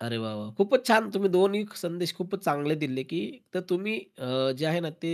अरे, वा, वा! खूपच छान. तुम्ही दोन्ही संदेश खूपच चांगले दिले, की तर तुम्ही अ, जे आहे ना ते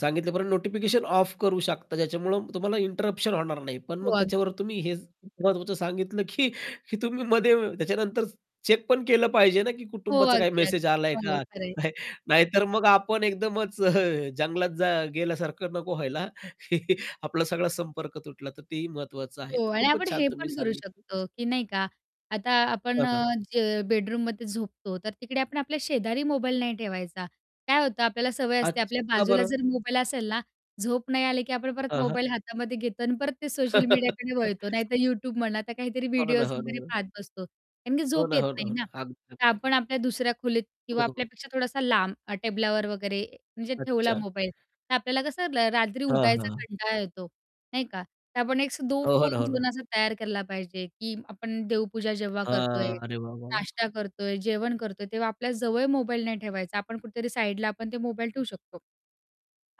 सांगितल्यापर्यंत नोटिफिकेशन ऑफ करू शकता ज्याच्यामुळं तुम्हाला इंटरप्शन होणार नाही. पण हो, मग अगदी. त्याच्यावर तुम्ही हेच महत्त्वाचं सांगितलं, की तुम्ही मध्ये त्याच्यानंतर चेक पण केलं पाहिजे ना की हो, कुटुंबाचा काही अगदी, मेसेज अगदी. आलाय हो, का खरं किंवा आहे. काय. नाहीतर मग आपण एकदमच जंगलात जा गेल्यासारखं नको व्हायला. आपला सगळा संपर्क तुटला तर तेही महत्त्वाचं आहे. हो तर आणि आपण खूपच छान हे तुम्ही पण करू सांगितलं. शकतो, की नाही का. आता आपण हां, हां. जे बेडरूममध्ये झोपतो. तर तिकडे आपण आपल्या शेजारी मोबाईल नाही ठेवायचा. काय होतं आपल्याला सवय असते अच आपल्या का बाजूला बरं? जर मोबाईल असेल ना, झोप नाही आली, की आपण परत हां, हां. मोबाईल हातामध्ये घेतो आणि परत ते सोशल मीडियाकडे वळतो. नाहीतर YouTube म्हणा. आता काहीतरी हो ना, व्हिडिओज हो ना, वगैरे हो ना. पाहत बसतो. कारण की हो झोप ना, येत हो ना, नाही हो ना. ना. अगदी, तर अगदी, अगदी. आपण आपल्या दुसऱ्या खोलीत हो, किंवा हो. आपल्यापेक्षा थोडासा लांब अ, टेबलावर वगैरे म्हणजे ठेवला अच्छा. मोबाईल, तर आपल्याला कसं र रात्री हां, उठायचा हां. कंटाळा येतो. नाही का? तर आपण एक दो हो. हो ना, फोन हो ना. झोन असा तयार केला पाहिजे, की आपण देवपूजा जेव्हा करतोय, हां, अरे वाह, वाह, वाह! नाश्ता करतोय, जेवण करतोय तेव्हा आपल्या जवळ मोबाईल नाही ठेवायचा. आपण कुठेतरी साईडला आपण ते मोबाईल ठेवू शकतो.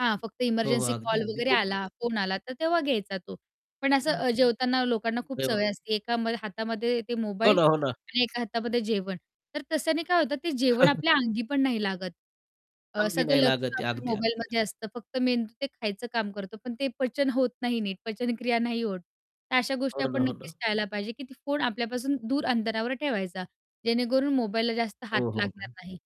हां, फक्त हो, हो. इमर्जन्सी अगदी, कॉल अगदी. वगैरे खूपच आला, छान. फोन आला तर तेव्हा घ्यायचा तो, पण असं हां. अ, जेवताना लोकांना खूप अरे वाह! सवय असते. एका हातामध्ये ते हो मोबाईल ना, हो ना. आणि एका हातामध्ये जेवण. तर त्याने काय होतं? ते जेवण आपल्या अंगी पण नाही लागत. अ, अंगी सगळं नाही लक्ष्य लागत आहे. आपल्या अगदी, अगदी. मोबाईलमध्ये असतं. फक्त मेंदू ते खायचं काम करतो, पण ते पचन होत नाही नीट. पचनक्रिया नाही होत. तर अशा गोष्टी हो ना, आपण हो ना. नक्कीच टाळायला पाहिजे, की फोन आपल्यापासून दूर अंतरावर ठेवायचा, जेणेकरून मोबाईलला जास्त हात हो, हो, लागणार हो. नाही.